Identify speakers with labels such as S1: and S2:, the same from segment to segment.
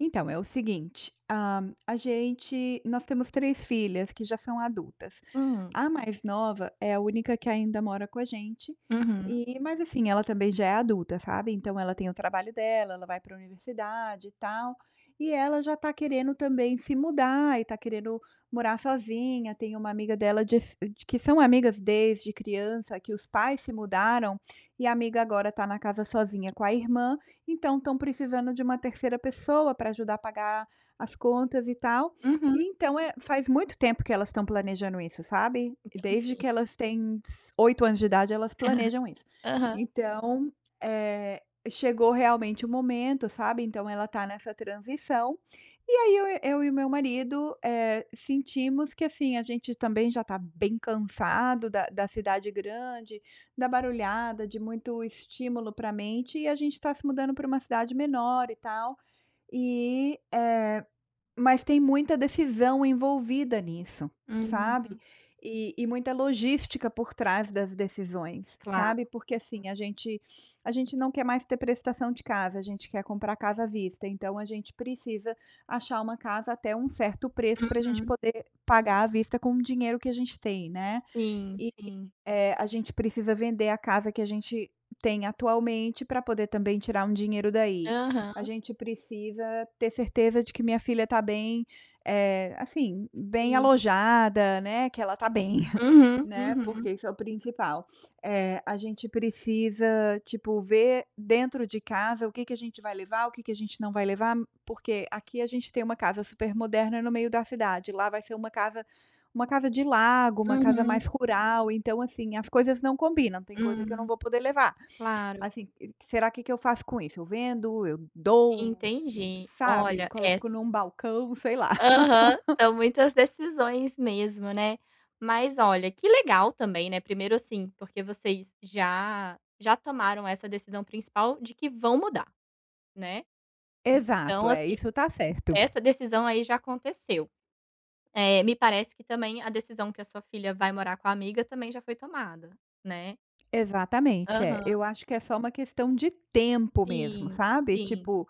S1: Então é o seguinte, hã, a gente nós temos 3 filhas que já são adultas,
S2: Hum.
S1: a mais nova é a única que ainda mora com a gente,
S2: Uhum.
S1: e mas assim, ela também já é adulta, sabe, então ela tem o trabalho dela, ela vai para universidade e tal, e ela já está querendo também se mudar, e está querendo morar sozinha, tem uma amiga dela de s que são amigas desde criança, que os pais se mudaram, e a amiga agora está na casa sozinha com a irmã, então estão precisando de uma 3ª pessoa para ajudar a pagar as contas e tal,
S2: Uhum.
S1: e então é faz muito tempo que elas estão planejando isso, sabe, desde que
S2: Entendi.
S1: elas têm s 8 anos de idade, elas planejam isso.
S2: Aham.
S1: Então, eh, chegou realmente o momento, sabe, então ela está nessa transição, e aí eu eu e o meu marido, eh, sentimos que assim, a gente também já está bem cansado da da cidade grande, da barulhada, de muito estímulo para mente e a gente está se mudando para uma cidade menor e tal, e, eh, mas tem muita decisão envolvida nisso, sabe,
S2: Hum.
S1: e e muita logística por trás das decisões,
S2: Claro.
S1: sabe, porque assim, a gente a gente não quer mais ter prestação de casa, a gente quer comprar casa à vista, então a gente precisa achar uma casa até um certo preço para gente
S2: Uhum.
S1: poder pagar à vista com o dinheiro que a gente tem, né,
S2: Sim,
S1: e,
S2: sim.
S1: eh, a gente precisa vender a casa que a gente tem atualmente para poder também tirar um dinheiro daí. A
S2: Aham.
S1: gente precisa ter certeza de que minha filha está bem, eh, assim, bem
S2: Sim.
S1: alojada, né, que ela está bem,
S2: Uhum,
S1: né,
S2: uhum.
S1: porque isso é o principal. Eh, a gente precisa, tipo, ver dentro de casa o que que a gente vai levar, o que que a gente não vai levar, porque aqui a gente tem uma casa super moderna no meio da cidade, lá vai ser uma casa uma casa de lago, uma casa
S2: Uhum.
S1: mais rural, então assim, as coisas não combinam, tem coisa que eu não
S2: Hum.
S1: vou poder levar.
S2: Claro.
S1: Assim, será que que eu faço com isso? Eu vendo, eu doou, s
S2: Entendi.
S1: sabe,
S2: Olha, es
S1: coloco em um balcão, sei lá.
S2: Aham. São muitas decisões mesmo, né. Mas olha, que legal também, né. Primeiro assim, porque vocês já já tomaram essa decisão principal de que vão mudar, né.
S1: Exato,
S2: Então
S1: é,
S2: assim,
S1: isso está certo.
S2: essa decisão, aí, já aconteceu. Eh, me parece que também a decisão que a sua filha vai morar com a amiga também já foi tomada, né.
S1: Exatamente. É,
S2: Aham.
S1: eu acho que é só uma questão de tempo mesmo,
S2: Sim,
S1: sabe,
S2: sim.
S1: tipo,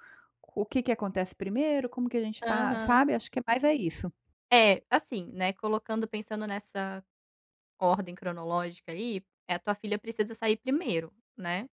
S1: o que que acontece primeiro, como que a gente está
S2: Aham.
S1: sabe, acho que é mais é isso.
S2: É, assim, né, colocando pensando nessa nessa ordem cronológica aí, eh, a tua filha precisa sair primeiro, né.